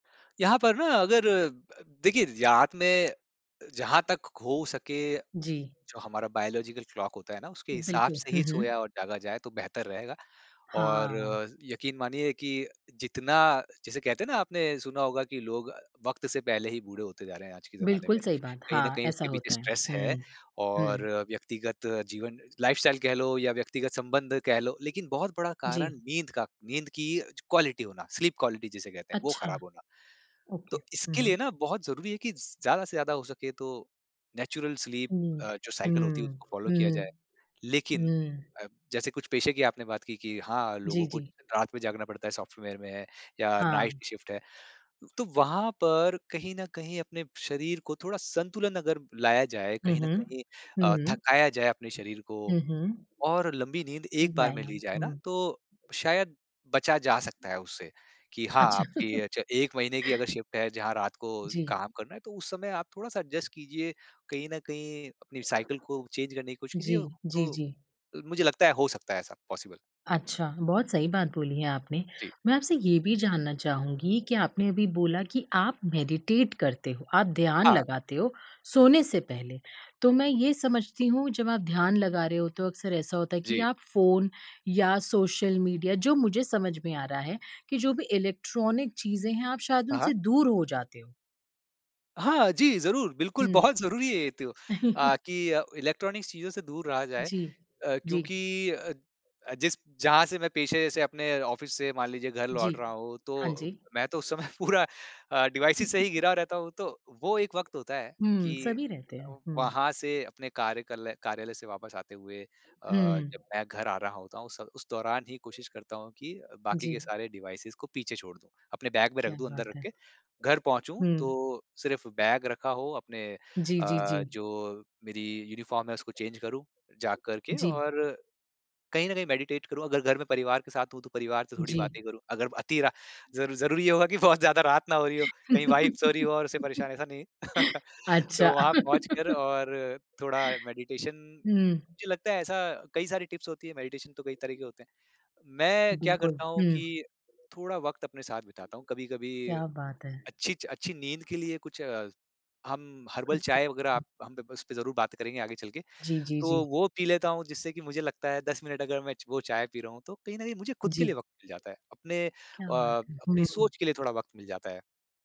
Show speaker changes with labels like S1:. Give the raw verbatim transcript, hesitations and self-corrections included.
S1: यहाँ पर ना अगर अ, देखिए रात में जहाँ तक हो सके,
S2: जी।
S1: जो हमारा बायोलॉजिकल क्लॉक होता है ना उसके हिसाब
S2: बिल्कुल,
S1: से
S2: हुँ,
S1: ही
S2: हुँ।
S1: सोया और जागा जाए तो बेहतर रहेगा। और
S2: हाँ।
S1: यकीन मानिए कि जितना जैसे कहते हैं ना आपने सुना होगा कि लोग वक़्त से पहले ही बूढ़े होते जा रहे हैं आज के ज़माने
S2: बिल्कुल
S1: में,
S2: सही बात।
S1: कहीं न
S2: हाँ,
S1: कहीं
S2: ऐसा
S1: उसके पीछे
S2: होता है।
S1: स्ट्रेस है
S2: हुँ,
S1: और
S2: हुँ।
S1: व्यक्तिगत जीवन लाइफ़स्टाइल कह लो या व्यक्तिगत संबंध कह लो लेकिन बहुत बड़ा
S2: जी।
S1: कारण नींद का नींद की क्वालिटी होना, स्लीप क्वालिटी जिसे कहते हैं वो
S2: अच्छा,
S1: ख़राब होना।
S2: ओके।
S1: तो
S2: हुँ,
S1: इसके
S2: हुँ।
S1: लिए ना बहुत ज़रूरी है कि ज़ ज़्यादा से ज़्यादा हो सके तो नेचुरल स्लीप
S2: हुँ,
S1: अ, जो साइकिल होती है
S2: हुँ,
S1: उसको फ़ॉलो किया
S2: हुँ,
S1: जाए। लेकिन
S2: हुँ।
S1: अ, जैसे कुछ पेशे की आपने बात की कि हाँ,
S2: जी,
S1: लोगों को
S2: जी।
S1: रात में जागना पड़ता है सॉफ्टवेयर में, या नाइट
S2: हाँ।
S1: शिफ्ट है। तो वहाँ पर कहीं न कहीं अपने शरीर को थोड़ा संतुलन अगर लाया जाए,
S2: हुँ,
S1: कहीं न
S2: हुँ।
S1: कहीं अ,
S2: हुँ।
S1: थकाया जाए अपने शरीर को
S2: हुँ, हुँ।
S1: और लंबी नींद एक बार में
S2: ज़ाया,
S1: ली जाए ना।
S2: हुँ।
S1: तो शायद बचा जा सकता है उससे, कि हाँ,
S2: अच्छा।
S1: आपकी अच्छा एक महीने की अगर शिफ्ट है, जहाँ रात को
S2: जी।
S1: काम करना है तो उस समय आप थोड़ा-सा एडजस्ट कीजिए कहीं न कहीं अपनी साइकिल को चेंज करने की कोशिश
S2: जी,
S1: कीजिए,
S2: जी,
S1: तो
S2: जी।
S1: अ, मुझे लगता है हो सकता है ऐसा पॉसिबल।
S2: अच्छा, बहुत सही बात बोली है आपने।
S1: जी।
S2: मैं आपसे ये भी जानना चाहूँगी कि आपने अभी बोला कि आप मेडिटेट करते हो, आप ध्यान
S1: हाँ।
S2: लगाते हो सोने से पहले, तो मैं ये समझती हूँ जब आप ध्यान लगा रहे हो तो अक्सर ऐसा होता है कि
S1: जी।
S2: आप फ़ोन, या सोशल मीडिया जो मुझे समझ में आ रहा है, कि जो भी इलेक्ट्रॉनिक चीज़ें हैं आप शायद
S1: हाँ, हाँ।
S2: उनसे दूर हो जाते हो?
S1: हाँ, जी, ज़रूर बिल्कुल
S2: हुँ।
S1: बहुत ज़रूरी है ये तो अ, कि अ, इलेक्ट्रॉनिक्स चीज़ों से दूर रहा जाए
S2: जी,
S1: अ,
S2: जी।
S1: क्योंकि अ, जिस जहाँ से मैं पेशे से अपने ऑफ़िस से मान लीजिए घर
S2: जी,
S1: लौट रहा हूँ
S2: हाँ
S1: तो,
S2: जी।
S1: मैं तो उस समय पूरा अ, डिवाइसेस से ही गिरा रहता हूँ तो, वो एक वक़्त होता है
S2: हुँ,
S1: कि
S2: सभी रहते हैं।
S1: अ,
S2: हुँ।
S1: वहाँ से अपने कार्यकलय कार्यालय से वापस आते हुए अ, जब
S2: हुँ।
S1: मैं घर आ रहा होता हूँ उस स उस दौरान ही कोशिश करता हूँ कि बाकी के
S2: जी।
S1: सारे डिवाइसेस को पीछे छोड़ दूँ, अपने बैग में रख
S2: क्या
S1: दूँ अंदर
S2: बात
S1: रख
S2: है।
S1: के घर पहुँचूँ
S2: हुँ।
S1: तो सिर्फ़ बैग रखा हो अपने
S2: जी, जी,
S1: अ,
S2: जी।
S1: जो मेरी यूनिफ़ॉर्म है उसको चेंज़ करूँ जा करके
S2: जी।
S1: और, कहीं न कहीं मेडिटेट करूँ अगर घर में परिवार के साथ हूँ तो परिवार से थोड़ी
S2: जी।
S1: बातें करूँ ,अगर अतीरा ज़ ज़रूरी होगा की बहुत ज़्यादा रात ना हो रही हो, कहीं वाइफ़ सो रही हो और उसे परेशान ऐसा नहीं है। तो
S2: अच्छा।
S1: वहाँ पहुँच कर और थोड़ा मेडिटेशन
S2: हुँ।
S1: मुझे लगता है ऐसा कई सारी टिप्स होती है, मेडिटेशन तो कई तरह के होते हैं। मैं क्या
S2: बिल्कुल,
S1: करता हूँ
S2: हुँ।
S1: कि थोड़ा वक़्त अपने साथ बिताता हूँ कभी-कभी
S2: क्या बात है।
S1: अच्छी अच्छी नींद के लिए कुछ हम हर्बल
S2: अच्छा।
S1: चाय वगैरह आप हम उसपे ज़रूर बात करेंगे आगे चल के,
S2: जी, जी, जी।
S1: तो वो पी लेता हूँ जिससे कि मुझे लगता है दस मिनट अगर मैं च वो चाय पी रहा हूँ तो कहीं न कहीं मुझे खुद के लिए
S2: जी।
S1: वक़्त मिल जाता है। अपने अ,
S2: क्या बात है।
S1: अपनी
S2: हूँ।
S1: सोच के लिए थोड़ा वक़्त मिल जाता है।